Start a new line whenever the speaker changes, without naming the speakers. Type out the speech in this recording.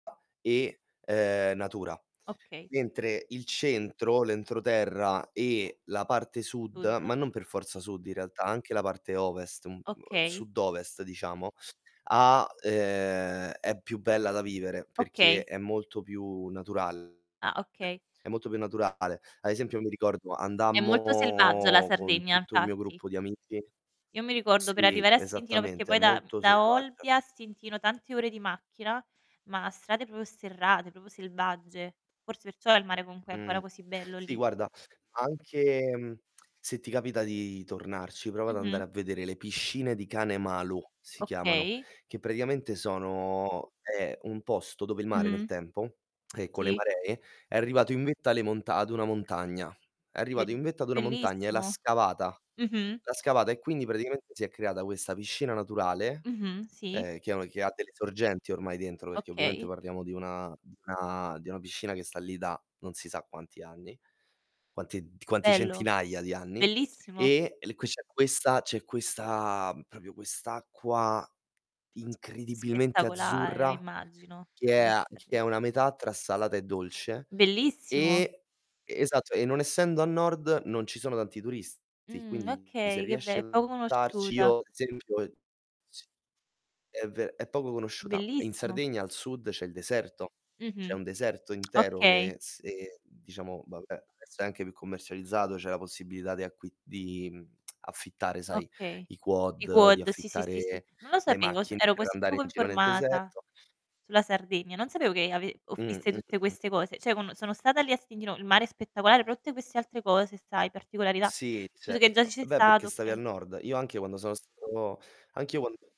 E, uhm, natura.
Okay.
Mentre il centro, l'entroterra, e la parte sud,
[unintelligible]
ma non per forza sud in realtà, anche la parte ovest, m uhm,
Okay.
sud-ovest diciamo, ha uhm, è più bella da vivere perché
Okay.
è molto più naturale,
Ah, okay.
È molto più naturale. Ad esempio mi ricordo
È molto selvaggia la
andammo con
Sardegna,
tutto il mio
infatti.
gruppo di amici
Io mi ricordo per
sì,
arrivare a Stintino perché
esattamente, è
poi da mhmm,
molto
da
selvaggia.
Olbia a Stintino tante ore di macchina, ma strade proprio sterrate, proprio selvagge. Forse perciò il mare comunque è
Mh,
ancora così bello
sì
lì.
guarda, anche mhmm, se ti capita di tornarci, prova ad
Mh-mh.
andare a vedere le piscine di Cane Malu, si chiamano,
Okay.
che praticamente sono è un posto dove il mare nel
Mh-mh.
tempo, e con le
Sì.
maree, è arrivato in vetta alle monta ad una montagna. È
Bel
arrivato in vetta ad una montagna e l'ha
bellissimo.
scavata
Mh-mh
l'ha scavata, e quindi praticamente si è creata questa piscina naturale,
Mh-mh. Sì.
uhm, che ha un che ha delle sorgenti ormai dentro, perché ovviamente
Okay.
parliamo di una di una di una piscina che sta lì da non si sa quanti anni, quanti d quanti
Bello,
centinaia di anni.
bellissimo.
E l qui c'è questa c'è questa proprio quest'acqua incredibilmente
Spettacolare. Eh,
azzurra
immagino.
che è a che
[unintelligible]
è una metà tra salata e dolce.
Bellissimo.
E Esatto, e non essendo a nord, non ci sono tanti turisti,
Mh.
quindi se
Okay, che be
riesci
è
ad
poco
andarci
conosciuta.
io, ad esempio c è ve è poco conosciuta. In
Bellissimo.
Sardegna al sud c'è il deserto, c'è
Mh-mh.
un deserto intero
Okay.
che se diciamo, vabbè, adesso è anche più commercializzato, c'è la possibilità di acqui di mhmm, affittare, sai,
Okay.
i
I
quad, di
quad, sì, sì, sì, sì.
affittare
Non lo
le
sapevo, s
macchine
ero
per
così
andare
poco
in giro nel
informata
deserto.
sulla Sardegna. Non sapevo che ave
Mh.
offrisse
Mh,
tutte
mh, mh.
queste cose. Cioè, quando sono stata lì a Stintino, il mare spettacolare, però tutte queste altre cose, sai particolarità,
Sì,
tu sai che già ci
certo.
sei
Beh, perché
stato,
stavi
oka
al nord. Io anche io quando sono stato anch'io quando